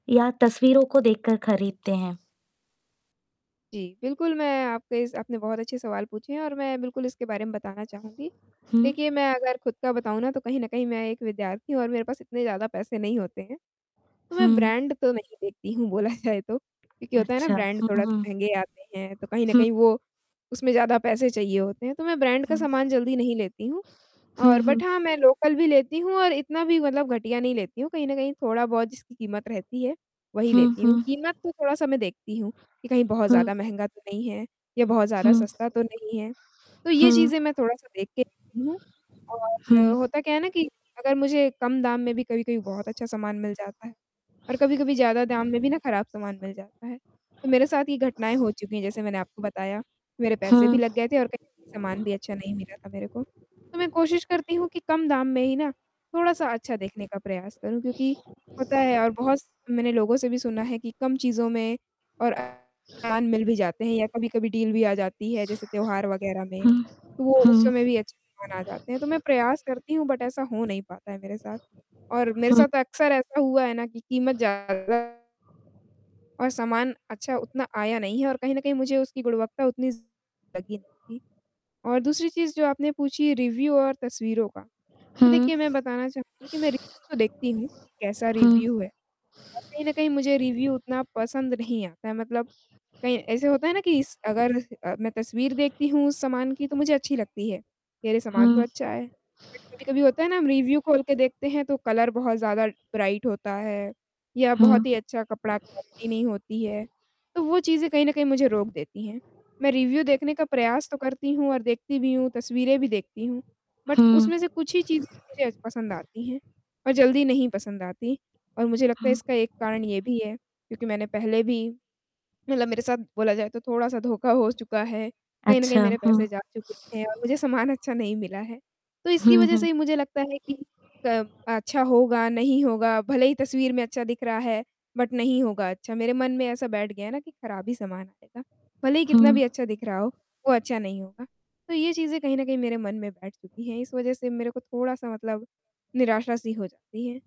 या तस्वीरों को देखकर खरीदते हैं। जी, बिल्कुल, मैं आपके इस आपने बहुत अच्छे सवाल पूछे हैं, और मैं बिल्कुल इसके बारे में बताना चाहूँगी, हुँ। देखिए मैं अगर खुद का बताऊँ ना, तो कहीं न कहीं मैं एक विद्यार्थी हूँ और मेरे पास इतने ज़्यादा पैसे नहीं होते हैं, तो मैं हुँ। ब्रांड तो नहीं देखती हूँ, बोला जाए तो क्योंकि होता है ना, अच्छा। ब्रांड हुँ, थोड़ा -सा हुँ। महँगे आते हैं, तो कहीं न हुँ। कहीं वो उसमें ज़्यादा पैसे चाहिए होते हैं, तो मैं ब्रांड का हुँ। सामान जल्दी नहीं लेती हूँ, हुँ, और बट हुँ। हाँ, मैं लोकल भी लेती हूँ और इतना भी मतलब घटिया नहीं लेती हूँ, कहीं न कहीं थोड़ा-बहुत जिसकी कीमत रहती है, वही हुँ, लेती हूँ, हुँ। कीमत तो थोड़ा-सा मैं देखती हूँ कि कहीं बहुत हुँ। ज़्यादा महँगा तो नहीं है, या बहुत ज़्यादा हुँ। सस्ता तो नहीं है। तो ये हुँ। चीज़ें मैं थोड़ा-सा देख के लेती हूँ हुँ। और होता क्या है ना कि अगर मुझे कम दाम में भी कभी-कभी बहुत अच्छा सामान मिल जाता है और कभी-कभी ज़्यादा दाम में भी ना, खराब सामान मिल जाता है, तो मेरे साथ ये घटनाएँ हो चुकी हैं, जैसे मैंने आपको बताया, मेरे पैसे भी हुँ। लग गए थे और कहीं सामान भी अच्छा नहीं मिला था मेरे को, तो मैं कोशिश करती हूँ कि कम दाम में ही ना, थोड़ा-सा अच्छा देखने का प्रयास करूँ, क्योंकि होता है और बहुत मैंने लोगों से भी सुना है कि कम चीज़ों में और अ, सामान मिल भी जाते हैं या कभी-कभी डील भी आ जाती है, जैसे त्योहार वग़ैरह में, हुँ, तो वो उस हुँ। समय भी अच्छे सामान आ जाते हैं, तो मैं प्रयास करती हूँ, बट ऐसा हो नहीं पाता है मेरे साथ और मेरे हुँ। साथ अक्सर ऐसा हुआ है ना कि कीमत ज़्यादा और सामान अच्छा उतना आया नहीं है, और कहीं न कहीं, मुझे उसकी गुणवत्ता उतनी लगी नहीं थी और दूसरी चीज, जो आपने पूछी रिव्यू और तस्वीरों का, तो हुँ। देखिए, मैं बताना चाहूँगी कि मैं रिव्यू तो देखती हूँ, कैसा हुँ। रिव्यू है, और कहीं न कहीं मुझे रिव्यू उतना पसंद नहीं आता है, मतलब कहीं ऐसे होता है ना कि स अगर अ, मैं तस्वीर देखती हूँ, उस सामान की, तो मुझे अच्छी लगती है, कि, "अरे! सामान तो हुँ। अच्छा है।" बट कभी-कभी होता है ना, हम रिव्यू खोल के देखते हैं, तो कलर बहुत ज़्यादा ब्राइट होता है, या बहुत हुँ। ही अच्छा कपड़ा क्वालिटी नहीं होती है, तो वो चीज़ें कहीं न कहीं मुझे रोक देती हैं। मैं रिव्यू देखने का प्रयास तो करती हूँ, और देखती भी हूँ, तस्वीरें भी देखती हूँ बट हुँ। उसमें से कुछ ही चीज़ें मुझे पसंद आती हैं, और जल्दी नहीं पसंद आती, और मुझे लगता है, इसका हुँ। एक कारण ये भी है, क्योंकि मैंने पहले भी मतलब मेरे साथ बोला जाए, तो थोड़ा-सा धोखा हो चुका है, कहीं न कहीं अच्छा। मेरे पैसे हुँ। जा चुके हैं और मुझे सामान अच्छा नहीं मिला है, तो इसकी हुँ, वज़ह से हुँ। ही मुझे लगता है कि क अच्छा होगा, नहीं होगा, भले ही तस्वीर में अच्छा दिख रहा है, बट नहीं होगा अच्छा। मेरे मन में ऐसा बैठ गया है ना कि खराब ही सामान आएगा, भले ही कितना भी हुँ। अच्छा दिख रहा हो, वो अच्छा नहीं होगा। तो ये चीज़ें कहीं न कहीं मेरे मन में बैठ चुकी हैं, इस वज़ह से मेरे को थोड़ा-सा मतलब निराशा-सी हो जाती है।